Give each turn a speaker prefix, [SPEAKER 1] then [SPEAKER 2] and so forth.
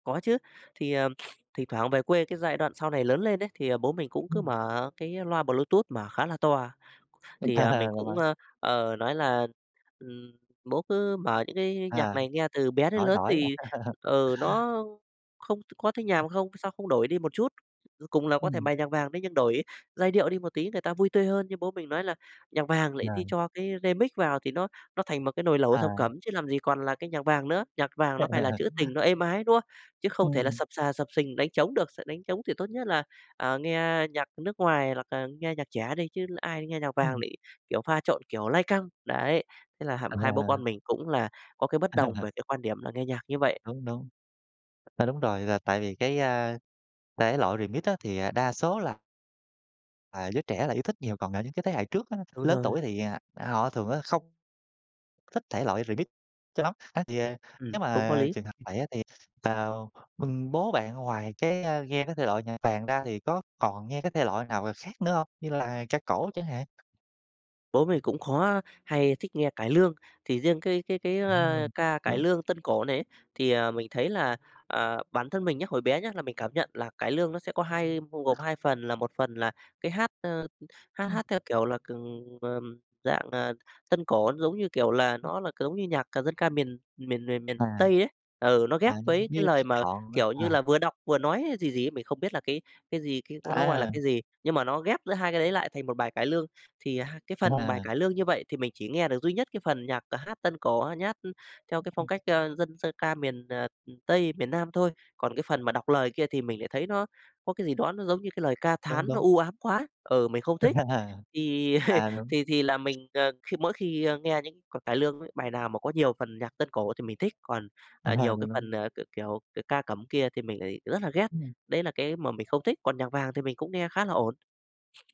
[SPEAKER 1] Có chứ, thì, ờ, thỉnh thoảng về quê cái giai đoạn sau này lớn lên ấy, thì, ờ, bố mình cũng cứ
[SPEAKER 2] Ừm.
[SPEAKER 1] mở cái, ơ, loa Bluetooth mà khá là to. Thì, à, mình cũng,
[SPEAKER 2] [unintelligible]
[SPEAKER 1] ơ, ờ, nói là, ừm, "Bố cứ mở những cái nhạc
[SPEAKER 2] À,
[SPEAKER 1] này nghe từ bé đến
[SPEAKER 2] đổi,
[SPEAKER 1] lớn
[SPEAKER 2] đổi.
[SPEAKER 1] thì, ừ, nó không có thấy nhàm không, sao không đổi đi một chút, ờ, cùng là có thể
[SPEAKER 2] Ừm.
[SPEAKER 1] bài nhạc vàng đấy, nhưng đổi giai điệu đi một tí người ta vui tươi hơn." Nhưng bố mình nói là "Nhạc vàng lại đi
[SPEAKER 2] Rồi.
[SPEAKER 1] cho cái Remix vào thì nó nó thành một cái nồi lẩu thập cẩm
[SPEAKER 2] À.
[SPEAKER 1] chứ làm gì còn là cái nhạc vàng nữa, nhạc vàng nó phải là trữ tình nó êm ái, đúng không? Chứ không thể là
[SPEAKER 2] Ừm.
[SPEAKER 1] xập xà xập xình đánh trống được, s đánh trống thì tốt nhất là, à, nghe nhạc nước ngoài hoặc là nghe nhạc trẻ đi chứ ai nghe nhạc vàng
[SPEAKER 2] Ừm.
[SPEAKER 1] lại, kiểu, pha trộn, kiểu, lai căng." Đấy, thế là h hai bố
[SPEAKER 2] À.
[SPEAKER 1] con mình cũng là có cái bất đồng về cái quan điểm là nghe nhạc như vậy.
[SPEAKER 2] Đúng, đúng. A, đúng rồi, là tại vì cái, a, thể loại Remix á, thì, à, đa số là à, giới trẻ là yêu thích nhiều, còn ở những cái thế hệ trước á,
[SPEAKER 1] Đúng
[SPEAKER 2] lớn
[SPEAKER 1] rồi.
[SPEAKER 2] tuổi thì, à, họ thường á, không thích thể loại Remix cho lắm. Á, thì, ờ,
[SPEAKER 1] Ừm,
[SPEAKER 2] nếu
[SPEAKER 1] cũng có
[SPEAKER 2] mà
[SPEAKER 1] lý.
[SPEAKER 2] trường hợp vậy á, thì, ờm, ừm, bố bạn ngoài cái, a, nghe cái thể loại nhạc vàng ra thì có còn nghe cái thể loại nào khác nữa hông, như là ca cổ chẳng hạn?
[SPEAKER 1] Bố mình cũng khó hay thích nghe cải lương, thì riêng cái cái cái,
[SPEAKER 2] À,
[SPEAKER 1] ơ,
[SPEAKER 2] ừm,
[SPEAKER 1] ca cải
[SPEAKER 2] đúng.
[SPEAKER 1] lương tân cổ này ấy, thì, ờ, mình thấy là, ờ, bản thân mình nhá, hồi bé nhá, là mình cảm nhận là cải lương nó sẽ có hai bao gồm 2 phần, là 1 phần là cái hát, ơ, hát
[SPEAKER 2] Ừm.
[SPEAKER 1] hát theo kiểu là c ờm, dạng, à, tân cổ giống như, kiểu là,
[SPEAKER 2] [unintelligible]
[SPEAKER 1] nó là c giống như nhạc c dân ca miền miền miền miền
[SPEAKER 2] À.
[SPEAKER 1] Tây ấy, ừ, nó
[SPEAKER 2] À,
[SPEAKER 1] ghép với cái
[SPEAKER 2] nghe
[SPEAKER 1] lời
[SPEAKER 2] trích
[SPEAKER 1] mà
[SPEAKER 2] đoạn á
[SPEAKER 1] kiểu như
[SPEAKER 2] hà?
[SPEAKER 1] là vừa đọc vừa nói gì gì ấy, mình không biết là cái cái gì, cái nó gọi là
[SPEAKER 2] A!
[SPEAKER 1] cái gì, nhưng mà nó ghép giữa hai cái đấy lại thành một bài cải lương. Thì, à, hai cái phần bài
[SPEAKER 2] À!
[SPEAKER 1] cải lương như vậy thì mình chỉ nghe được duy nhất cái phần nhạc, ờ, hát tân cổ, ờ, nhát, ưm, theo cái phong
[SPEAKER 2] [unintelligible]
[SPEAKER 1] cách, ơ, dân dân ca miền, ờ, Tây, miền Nam thôi. Còn cái phần mà đọc lời kia thì mình lại thấy nó có cái gì đó nó giống như cái lời ca
[SPEAKER 2] Đúng,
[SPEAKER 1] thán nó
[SPEAKER 2] đúng.
[SPEAKER 1] u ám quá, ừ, mình không thích. Thì
[SPEAKER 2] À, đúng.
[SPEAKER 1] thì thì là mình, à, khi mỗi khi, ơ, nghe những c cải lương ấy, bài nào mà có nhiều phần nhạc tân cổ thì mình thích, còn,
[SPEAKER 2] À,
[SPEAKER 1] à, nhiều cái
[SPEAKER 2] đúng đúng.
[SPEAKER 1] phần, à, c kiểu, c ca cẩm kia thì mình lại rất là ghét,
[SPEAKER 2] Ừm.
[SPEAKER 1] đấy là cái mà mình không thích, còn nhạc vàng thì mình cũng nghe khá là ổn.